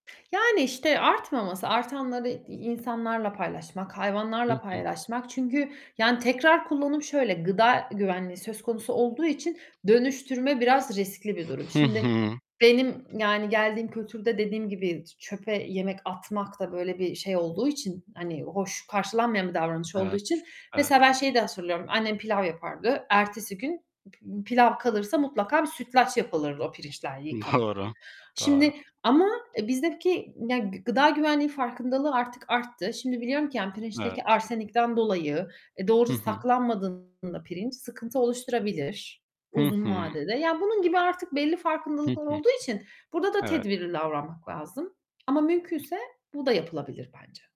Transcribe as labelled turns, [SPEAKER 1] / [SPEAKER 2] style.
[SPEAKER 1] Yani, işte artmaması, artanları i insanlarla paylaşmak,
[SPEAKER 2] Hı
[SPEAKER 1] hayvanlarla
[SPEAKER 2] hı.
[SPEAKER 1] paylaşmak çünkü, yani, tekrar kullanım şöyle, gıda güvenliği söz konusu olduğu için dönüştürme biraz riskli bir durum.
[SPEAKER 2] Hı
[SPEAKER 1] Şimdi
[SPEAKER 2] hı.
[SPEAKER 1] benim yani geldiğim kültürde dediğim gibi t çöpe yemek atmak da böyle bir şey olduğu için, hani, hoş karşılanmayan bir davranış olduğu
[SPEAKER 2] Evet,
[SPEAKER 1] için...
[SPEAKER 2] evet.
[SPEAKER 1] Mesela ben şeyi de hatırlıyorum. Annem pilav yapardı. Ertesi gün p pilav kalırsa mutlaka bir sütlaç yapılırdı o pirinçler yıkanıp.
[SPEAKER 2] Doğru, doğru.
[SPEAKER 1] Şimdi ama, eee, bizdeki, yani, gıda güvenliği farkındalığı artık arttı. Şimdi biliyorum ki, yani pirinçteki
[SPEAKER 2] Evet.
[SPEAKER 1] arsenikten dolayı, eee,
[SPEAKER 2] Hı
[SPEAKER 1] doğru
[SPEAKER 2] hı.
[SPEAKER 1] saklanmadığında pirinç sıkıntı oluşturabilir
[SPEAKER 2] Hı
[SPEAKER 1] uzun
[SPEAKER 2] hı.
[SPEAKER 1] vadede. Ya, bunun gibi artık belli
[SPEAKER 2] Hı
[SPEAKER 1] farkındalıklar
[SPEAKER 2] hı.
[SPEAKER 1] olduğu için burda da
[SPEAKER 2] Evet.
[SPEAKER 1] tedbirli davranmak lazım ama mümkünse bu da yapılabilir bence.